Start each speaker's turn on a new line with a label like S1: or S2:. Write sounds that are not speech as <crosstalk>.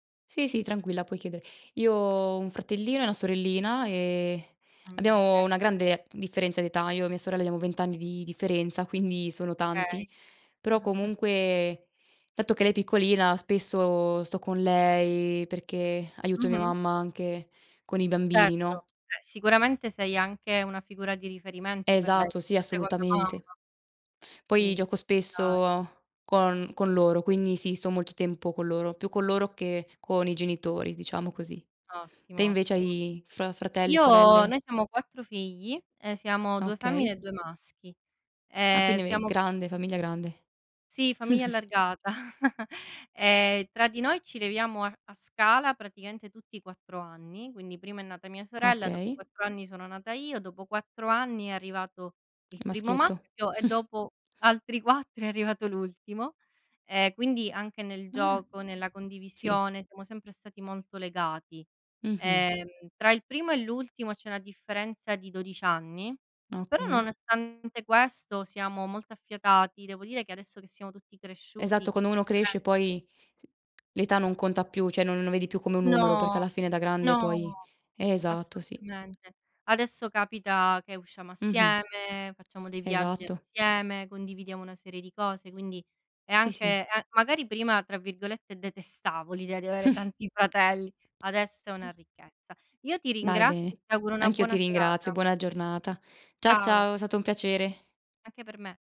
S1: Sì, sì, tranquilla, puoi chiedere. Io ho un fratellino e una sorellina e
S2: Mh, okay.
S1: abbiamo una grande differenza di età. Io e mia sorella abbiamo 20 anni di differenza, quindi sono
S2: Okay.
S1: tanti. Però
S2: <chuckles>
S1: comunque, dato che lei è piccolina, spesso sto con lei perché aiuto mia
S2: Mh-mh.
S1: mamma anche con i bambini,
S2: Certo,
S1: no?
S2: eh, sicuramente sei anche una figura di riferimento per lei,
S1: Esatto, sì,
S2: una seconda mamma
S1: assolutamente. Poi
S2: quindi
S1: gioco
S2: ci sta.
S1: spesso con con loro, quindi sì, sto molto tempo con loro, più con loro che con i genitori, diciamo così. Te
S2: Ottimo,
S1: invece
S2: ottimo.
S1: hai fra fratelli,
S2: Io noi
S1: sorelle?
S2: siamo 4 figli, ehm, siamo 2 femmine
S1: Okay.
S2: e 2 maschi.
S1: Ah,
S2: Ehm,
S1: quindi ave
S2: siamo
S1: grande, famiglia grande.
S2: Sì, famiglia
S1: <chuckles>
S2: allargata. <chuckles> Ehm, tra di noi ci leviamo a a scala praticamente tutti 4 anni, quindi prima è nata mia sorella, dopo
S1: Okay.
S2: 4 anni sono nata io, dopo 4 anni è arrivato il primo
S1: maschietto.
S2: maschio e
S1: <chuckles>
S2: dopo altri 4 è arrivato l'ultimo. Ehm, quindi anche nel
S1: Ah.
S2: gioco, nella
S1: Sì.
S2: condivisione siamo sempre stati molto legati.
S1: Mh-mh.
S2: Ehm, tra il primo e l'ultimo c'è una differenza di 12 anni, però
S1: Okay.
S2: nonostante questo siamo molto affiatati. Devo dire che adesso che siamo tutti cresciuti,
S1: Esatto,
S2: chi
S1: quando uno
S2: tre
S1: cresce poi s l'età non conta più, cioè non non lo vedi più come un numero perché
S2: No!
S1: alla fine da grande poi
S2: No!
S1: esatto, sì.
S2: Assolutamente. Adesso capita che usciamo
S1: Mh-mh.
S2: assieme, facciamo dei viaggi
S1: Esatto.
S2: assieme, condividiamo una serie di cose, quindi è
S1: Sì, sì.
S2: anche ehm, magari prima, tra virgolette, "detestavo" l'idea di avere tanti fratelli, adesso è una
S1: <chuckles>
S2: ricchezza. Io ti
S1: Dai,
S2: ringrazio e
S1: bene.
S2: ti auguro una
S1: Anch'io ti
S2: buona
S1: ringrazio,
S2: serata.
S1: buona giornata. Cia
S2: Ciao.
S1: ciao, è stato un piacere.
S2: Anche per me.